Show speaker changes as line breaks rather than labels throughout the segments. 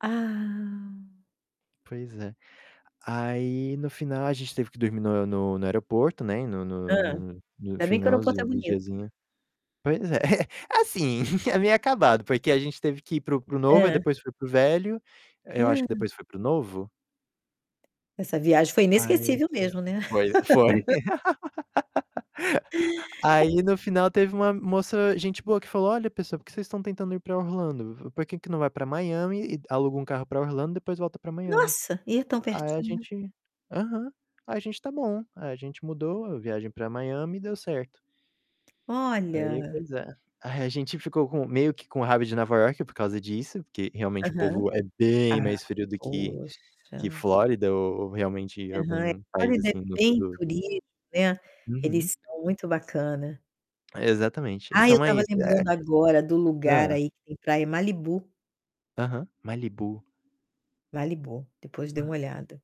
Ah.
Pois é. Aí, no final, a gente teve que dormir no no no aeroporto, né, no
Hã.
no no no
Ainda bem que o aeroporto é
finalzinho do
bonito.
diazinho. Pois é, assim, é meio acabado, porque a gente teve que ir para o para o novo, aí
Hã.
depois foi para o velho. Eh: "Eu acho que depois foi para o novo?".
Essa viagem foi
Aí
inesquecível mesmo, né?
foi foi. Aí, no final, teve uma moça gente boa que falou: "Olha, pessoal, por que vocês estão tentando ir pra Orlando? V Por que que não vai pra Miami e d aluga um carro pra Orlando, depois volta pra Miami?"
Nossa! E é tão
Aí a
pertinho.
gente: "Aham", aí a gente: "Tá bom". Aí a gente mudou a viagem pra Miami e deu certo. Aí,
Olha!
pois é. Aí a gente ficou com meio que com raiva de Nova York por causa disso, porque realmente o
Aham.
povo é bem
Ah,
mais frio do que que
poxa.
Flórida ou ou realmente
Aham, é,
algum país
Flórida é
assim do sul
bem
do
turismo, né,
Uhum.
eles são muito bacana.
Exatamente, eles
Ah, eu
são
estava
mais é
lembrando agora do lugar
Hã.
aí que tem praia, Malibu.
Aham, Malibu.
Malibu, depois dê
Aham.
uma olhada.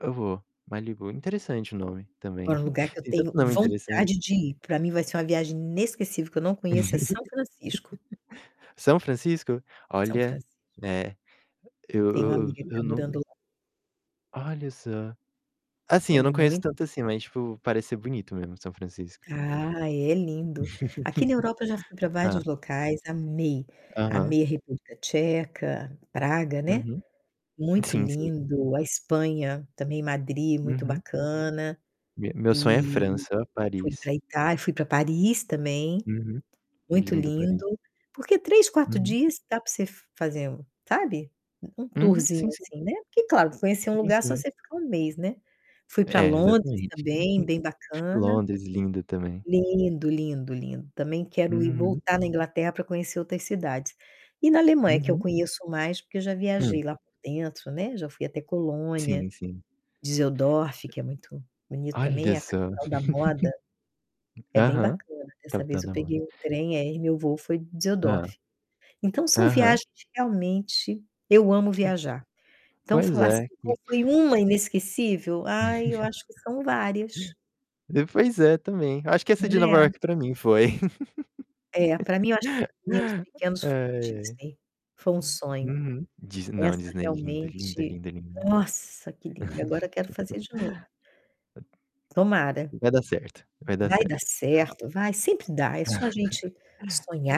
Eu eu vou. Malibu, interessante o nome também.
Agora um lugar que eu
Tem tanto
tenho
nome interessante.
vontade de ir, pra mim vai ser uma viagem inesquecível, que eu não conheço, é San Francisco.
São Francisco?
São
Olha,
Francisco.
é, eu
Tenho uma
eu
amiga
eu
que está
eu não
morando lá.
Olha só! Assim,
É
eu não conheço
mui
tanto assim, mas, tipo, parece ser bonito mesmo São Francisco.
Ah, é. É lindo. Aqui na Europa eu já fui pra
Hã.
vários locais. Amei,
Aham.
amei a República Tcheca, Praga, né.
Uhum.
Muito
Sim, sim.
lindo. A Espanha, também Madri, muito
Uhum.
bacana.
Me meu sonho é
E
França,
fui
Paris.
pra Itália, fui pra Paris também,
Uhum, bri
muito
lindo
lindo.
Paris.
Porque 3, 4
Uhum.
dias dá pra você fazer, um sabe, um
Uhum.
tourzinho,
Sim, sim.
assim, né? Porque, claro, conhecer um
Sim,
lugar só se
sim.
você ficar 1 mês, né. Fui pra
É,
Londres
exatamente.
também, bem bacana.
Londres, lindo também.
Lindo, lindo, lindo. Também quero ir
Uhum.
voltar na Inglaterra pra conhecer outras cidades. E, na Alemanha, que eu
Uhum.
conheço mais, porque eu já viajei
Hum.
lá por dentro, né, já fui até Colônia,
Sim, sim.
Düsseldorf, que é muito bonito
Olha
também, a
só.
capital da moda. É bem
Aham,
bacana. Dessa vez
capital
eu
da moda.
peguei o trem, aí meu voo foi
Hã.
Düsseldorf. Então, são
Aham.
viagens que, realmente eu amo viajar. Então,
Pois
falar, assim,
é,
qual
que
foi uma inesquecível? Ai, eu acho que são várias
É, pois é, também. Acho que essa de Nova
né?
York pra mim foi.
É, pra mim eu acho que com os meninos pequenos
Ai,
foi a
ai.
Disney, foi um sonho.
Uhum. Dis não,
Essa
Disney é linda, linda,
realmente,
linda, linda.
nossa, que lindo, e agora quero fazer de novo. Tomara.
Vai dar certo, vai dar
Vai dar
certo.
certo, vai, sempre dá. É só a gente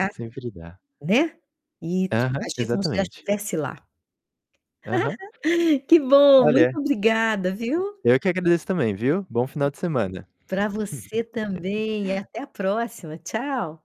Sempre dá.
né, e t
Aham,
agir como se já
exatamente.
estivesse lá.
Aham.
Que bom,
Olha,
muito obrigada, viu?
eu é que agradeço também, viu? Bom final de semana.
Pra você também e até a próxima. Tchau!